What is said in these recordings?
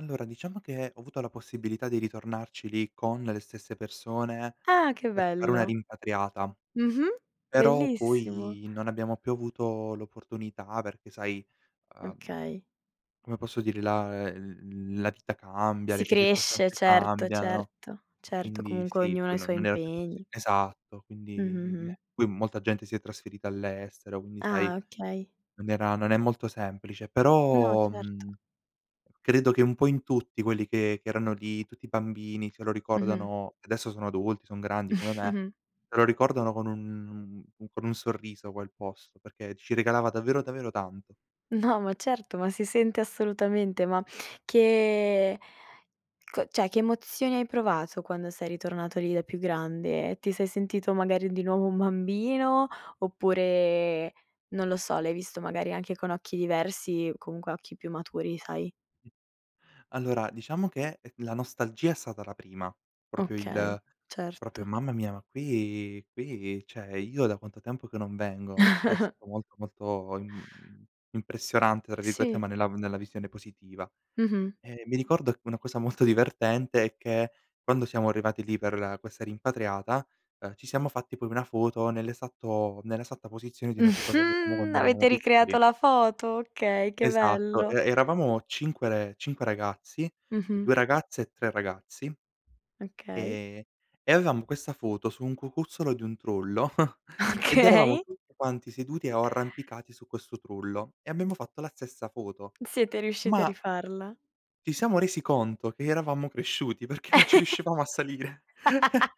Allora, diciamo che ho avuto la possibilità di ritornarci lì, con le stesse persone Ah, che per fare una bello. rimpatriata, Mh-mh, però bellissimo. poi non abbiamo più avuto l'opportunità perché sai, uhm, Okay. come posso dire, la ehm, l l la vita cambia, Si le co cresce, circostanze certo, cambiano certo, e certo. quindi Comunque, sì, ognuno ha i quello suoi non era più possi impegni. esatto, quindi Mh-mh-mh. ne poi molta gente si è trasferita all'estero, quindi sai, Ah, okay. non era non è molto semplice, No, però, certo. mhmm, credo che un po' in tutti quelli che che erano lì, tutti i bambini se lo Mh-mh. ricordano, adesso sono adulti, son grandi come me, se lo ricordano con un un con un sorriso quel posto, perché ci regalava davvero, davvero tanto. No, ma certo, ma si sente assolutamente, ma che, co cioè, che emozioni hai provato quando sei ritornato lì da più grande? Ti sei sentito magari di nuovo un bambino, oppure non lo so, l'hai visto magari anche con occhi diversi, comunque occhi più maturi, sai. Mh allora diciamo che, ehm, la nostalgia è stata la prima, proprio Okay, il proprio: certo. "Mamma mia, ma qui qui cioè, io da quanto tempo che non vengo". Cioè è stato molto, molto im "impressionante", tra virgolette, Sì. ma nella v nella visione positiva. Mh-mh. E mi ricordo che una cosa molto divertente è che quando siamo arrivati lì per questa rimpatriata, uhm, ci siamo fatti poi una foto nell'esatto nell'esatta posizione di una foto che avevamo quando eravamo Avete ricreato piccoli. la foto? Okay, che Esatto, e bello. eravamo 5 re 5 ragazzi, Mh-mh. 2 ragazze e 3 ragazzi, Okay. ehm, e avevamo questa foto su un cucuzzolo di un trullo ed eravamo Okay. tutti quanti seduti o arrampicati su questo trullo, e abbiamo fatto la stessa foto. Siete riusciti a Ma rifarla? ci siamo resi conto che eravamo cresciuti perché non ci riuscivamo a salire.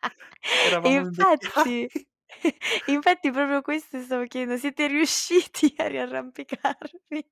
Eravamo Infatti, invecchiati. infatti proprio questo stavo chiede siete riusciti a riarrampicarvi?